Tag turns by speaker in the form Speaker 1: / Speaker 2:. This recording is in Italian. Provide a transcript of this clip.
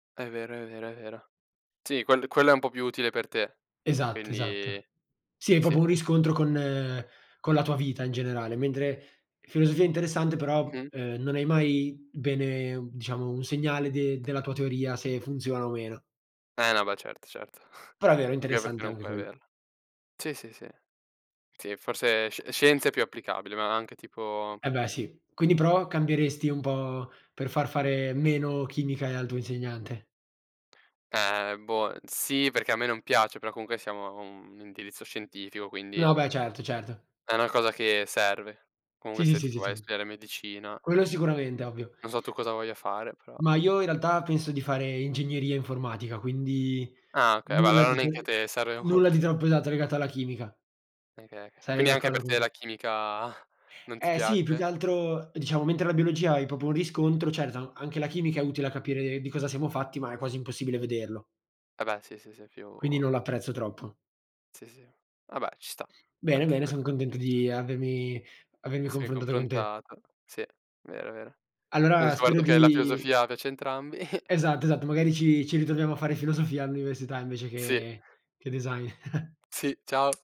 Speaker 1: È vero, è vero, è vero. Sì, quello quello è un po' più utile per te.
Speaker 2: Esatto, esatto.
Speaker 1: Quindi
Speaker 2: Sì, è
Speaker 1: sì.
Speaker 2: proprio un riscontro con con la tua vita in generale, mentre filosofia interessante però,
Speaker 1: Mh-mh.
Speaker 2: ehm, non hai mai bene diciamo un segnale de della tua teoria se funziona o meno.
Speaker 1: Eh, no beh, certo, certo.
Speaker 2: Però è vero, è
Speaker 1: Anche perché
Speaker 2: interessante
Speaker 1: non
Speaker 2: anche
Speaker 1: puoi
Speaker 2: quello.
Speaker 1: averla. Sì, sì, sì. Sì, forse sci scienza è più applicabile, ma anche tipo
Speaker 2: Eh, beh, sì. Quindi però cambieresti un po' per far fare meno chimica, ehm, al tuo insegnante?
Speaker 1: Eh boh, sì perché a me non piace, però comunque siamo a un indirizzo scientifico, quindi
Speaker 2: No beh, certo, certo.
Speaker 1: è una cosa che serve.
Speaker 2: Sì,
Speaker 1: Comunque
Speaker 2: sì,
Speaker 1: se tu
Speaker 2: sì,
Speaker 1: vuoi
Speaker 2: sì.
Speaker 1: studiare medicina.
Speaker 2: Quello sicuramente ovvio.
Speaker 1: Non so tu cosa voglia fare, però
Speaker 2: Ma io in realtà penso di fare ingegneria informatica, quindi
Speaker 1: Ah okay, ma
Speaker 2: nulla
Speaker 1: allora
Speaker 2: di
Speaker 1: neanche a
Speaker 2: [unintelligible]
Speaker 1: te sere
Speaker 2: nulla di
Speaker 1: molto.
Speaker 2: troppo esatto, legato alla chimica.
Speaker 1: [unintelligible]
Speaker 2: Sarei
Speaker 1: quindi anche
Speaker 2: d'accordo
Speaker 1: per
Speaker 2: con
Speaker 1: te
Speaker 2: te.
Speaker 1: la chimica non ti
Speaker 2: Eh sì, più che
Speaker 1: piace?
Speaker 2: altro, diciamo, mentre la biologia hai proprio un riscontro, certo, anche la chimica è utile a capire di cosa siamo fatti, ma è quasi impossibile vederlo.
Speaker 1: Eh, beh, sì, sì, sì, più
Speaker 2: Quindi non l'apprezzo troppo.
Speaker 1: Sì, sì. Vabbè ci sta
Speaker 2: Bene,
Speaker 1: anche
Speaker 2: bene, son
Speaker 1: quella
Speaker 2: contento
Speaker 1: giusta.
Speaker 2: di avermi avermi
Speaker 1: Sei
Speaker 2: confrontato con te.
Speaker 1: confrontato. Sì, vero, vero. Abbiam
Speaker 2: Allora spero
Speaker 1: scoperto che la
Speaker 2: di
Speaker 1: filosofia piace a entrambi.
Speaker 2: esatto, esatto, magari ci ci ritroviamo a fare filosofia all'università invece
Speaker 1: Sì.
Speaker 2: che che design.
Speaker 1: Sì, ciao.